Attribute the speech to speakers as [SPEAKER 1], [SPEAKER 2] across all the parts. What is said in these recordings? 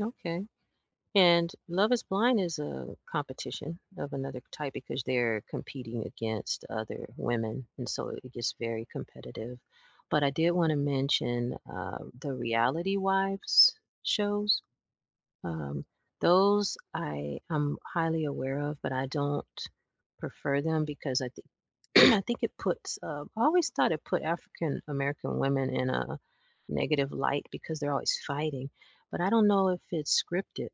[SPEAKER 1] Okay, and, Love is Blind is a competition of another type because they're competing against other women, and so it gets very competitive, but I did wanna mention, um, the Reality Wives Shows? Um, those I am highly aware of but I don't prefer them because I thi I think it puts, um I always thought it put African American women in a negative light because they're always fighting, but I don't know if it's scripted.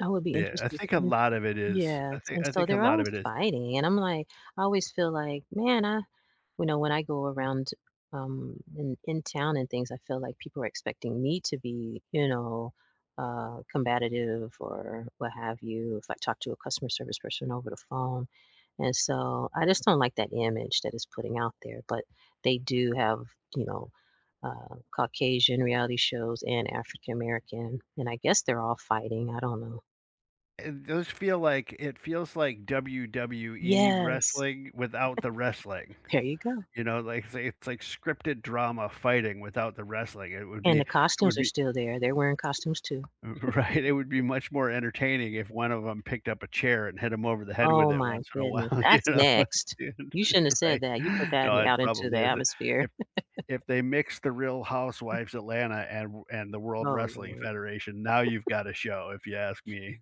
[SPEAKER 1] I would be
[SPEAKER 2] Yeah, I
[SPEAKER 1] interested
[SPEAKER 2] think a lot
[SPEAKER 1] interested
[SPEAKER 2] of it is.
[SPEAKER 1] yeah,
[SPEAKER 2] I think
[SPEAKER 1] and
[SPEAKER 2] I
[SPEAKER 1] so
[SPEAKER 2] think a
[SPEAKER 1] they're
[SPEAKER 2] lot of
[SPEAKER 1] always
[SPEAKER 2] it is.
[SPEAKER 1] fighting, and I'm like I always feel like, "Man, I" you know, when I go around, um, in in town and things I feel like people are expecting me to be, you know, uh, combative or what have you if I talk to a customer service person over the phone, and so, I just don't like that image that it's putting out there, but they do have, you know, uh, Caucasian reality shows and African American, and I guess they're all fighting, I don't know.
[SPEAKER 2] It does feel like it feels like, WWE
[SPEAKER 1] Yes.
[SPEAKER 2] wrestling without the wrestling,
[SPEAKER 1] There you go.
[SPEAKER 2] you know, like, it's it's like scripted drama fighting without the wrestling it would
[SPEAKER 1] And
[SPEAKER 2] be
[SPEAKER 1] the
[SPEAKER 2] it
[SPEAKER 1] costumes
[SPEAKER 2] would
[SPEAKER 1] are
[SPEAKER 2] be
[SPEAKER 1] still there, they're wearing costumes too.
[SPEAKER 2] R right? It would be much more entertaining if one of them picked up a chair and hit him over the head with
[SPEAKER 1] Oh
[SPEAKER 2] it
[SPEAKER 1] my
[SPEAKER 2] once in a
[SPEAKER 1] goodness,
[SPEAKER 2] while, you
[SPEAKER 1] that's
[SPEAKER 2] know
[SPEAKER 1] next. You shouldn't have
[SPEAKER 2] [unintelligible]
[SPEAKER 1] said
[SPEAKER 2] right?
[SPEAKER 1] that, you put that
[SPEAKER 2] No, it
[SPEAKER 1] out into
[SPEAKER 2] probably
[SPEAKER 1] the
[SPEAKER 2] isn't,
[SPEAKER 1] atmosphere.
[SPEAKER 2] if if they mixed the Real
[SPEAKER 1] M
[SPEAKER 2] Housewives Atlanta and w and the World
[SPEAKER 1] Oh,
[SPEAKER 2] Wrestling
[SPEAKER 1] Lord.
[SPEAKER 2] Federation, now you've got a show if you ask me.